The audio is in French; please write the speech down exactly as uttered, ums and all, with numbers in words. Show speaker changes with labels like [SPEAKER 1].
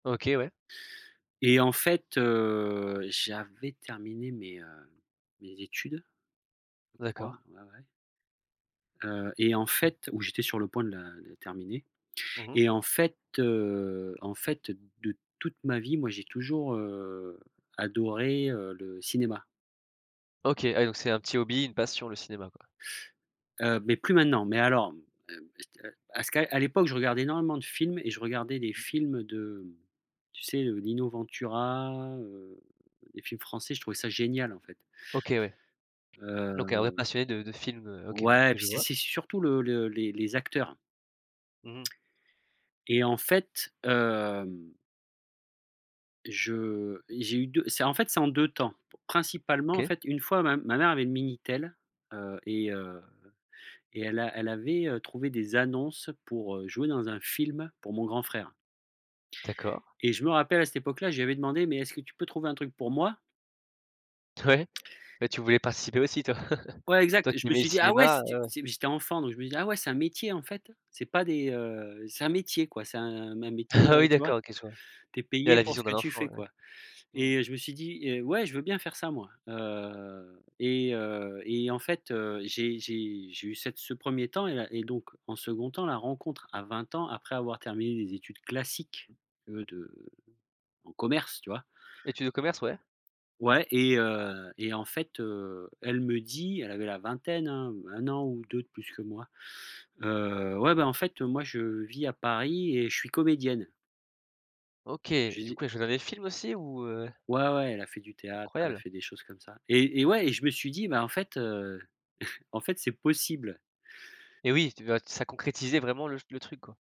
[SPEAKER 1] OK, ouais.
[SPEAKER 2] Et en fait, heu j'avais terminé mes, heu mes études, je crois,
[SPEAKER 1] D'accord.
[SPEAKER 2] ouais ouais heu et en fait où j'étais sur le point de la de terminer,
[SPEAKER 1] Mmh mh.
[SPEAKER 2] et en fait, heu, en fait, de toute ma vie moi j'ai toujours, heu, adoré, heu, le cinéma.
[SPEAKER 1] OK, ah oui, donc c'est un petit hobby, une passion, le cinéma, quoi?
[SPEAKER 2] Heu, mais plus maintenant, mmh, mmh à cette à ce que à l'époque je regardais énormément de films et je regardais des films de tu sais, heu, Lino Ventura, heu, des films français, je trouvais ça génial en fait
[SPEAKER 1] OK, ouais donc un vrai
[SPEAKER 2] heu.
[SPEAKER 1] passionné de de films heu OK
[SPEAKER 2] Ouais,
[SPEAKER 1] que
[SPEAKER 2] puis
[SPEAKER 1] je
[SPEAKER 2] c'est
[SPEAKER 1] vois.
[SPEAKER 2] c'est surtout le le les les acteurs.
[SPEAKER 1] Mmh mh.
[SPEAKER 2] Et en fait, hem je et j'ai eu deux c'est en fait, c'est en deux temps. Principalement en
[SPEAKER 1] OK.
[SPEAKER 2] fait, une fois ma m ma mère avait le Minitel heu, et heu, et elle a elle avait, heu, trouvé des annonces pour, heu, jouer dans un film pour mon grand frère
[SPEAKER 1] D'accord.
[SPEAKER 2] et je me rappelle à cette époque là, je lui avais demandé: «Mais est-ce que tu peux trouver un truc pour moi?»
[SPEAKER 1] T ouais, beh tu voulais participer aussi toi.
[SPEAKER 2] Ouais,
[SPEAKER 1] Toi
[SPEAKER 2] exact, je
[SPEAKER 1] qui
[SPEAKER 2] me
[SPEAKER 1] aimais le
[SPEAKER 2] suis dit: «Ah ouais».
[SPEAKER 1] cinéma
[SPEAKER 2] C'était
[SPEAKER 1] heu
[SPEAKER 2] c'était j'étais enfant donc je me disais: «Ah ouais, c'est un métier en fait, c'est pas des heu c'est un métier quoi, c'est un mmh, un métier»,
[SPEAKER 1] Ah oui
[SPEAKER 2] heu tu vois?
[SPEAKER 1] d'accord, OK je vois.
[SPEAKER 2] Tu es
[SPEAKER 1] Il y
[SPEAKER 2] payé
[SPEAKER 1] la
[SPEAKER 2] pour
[SPEAKER 1] vision
[SPEAKER 2] ce que
[SPEAKER 1] d'un
[SPEAKER 2] tu
[SPEAKER 1] enfant
[SPEAKER 2] fais
[SPEAKER 1] ouais.
[SPEAKER 2] quoi
[SPEAKER 1] Mmh
[SPEAKER 2] et
[SPEAKER 1] mh.
[SPEAKER 2] heu, je me suis dit: «Heu, ouais, je veux bien faire ça moi». Heu, et heu et en fait heu, j'ai j'ai j'ai eu cette ce premier temps et là et donc en second temps, la rencontre à vingt ans après avoir terminé des études classiques de de en commerce tu vois?
[SPEAKER 1] Etudes de commerce, ouais.
[SPEAKER 2] Ouais, et heu, et en fait, heu, elle me dit elle avait la vingtaine hein, un an ou deux de plus que moi: «Heu, ouais beh, en fait, moi je vis à Paris et je suis comédienne».
[SPEAKER 1] OK,
[SPEAKER 2] Je
[SPEAKER 1] du
[SPEAKER 2] dis
[SPEAKER 1] coup elle a joué dans des films aussi? Ou heu
[SPEAKER 2] Ouais ouais, elle a fait du théâtre, elle a
[SPEAKER 1] Incroyable.
[SPEAKER 2] fait des choses comme ça et et ouais, et je me suis dit: «Bah, en fait heu en fait c'est possible».
[SPEAKER 1] Et oui, tu bah ça concrétisait vraiment le ch le truc quoi.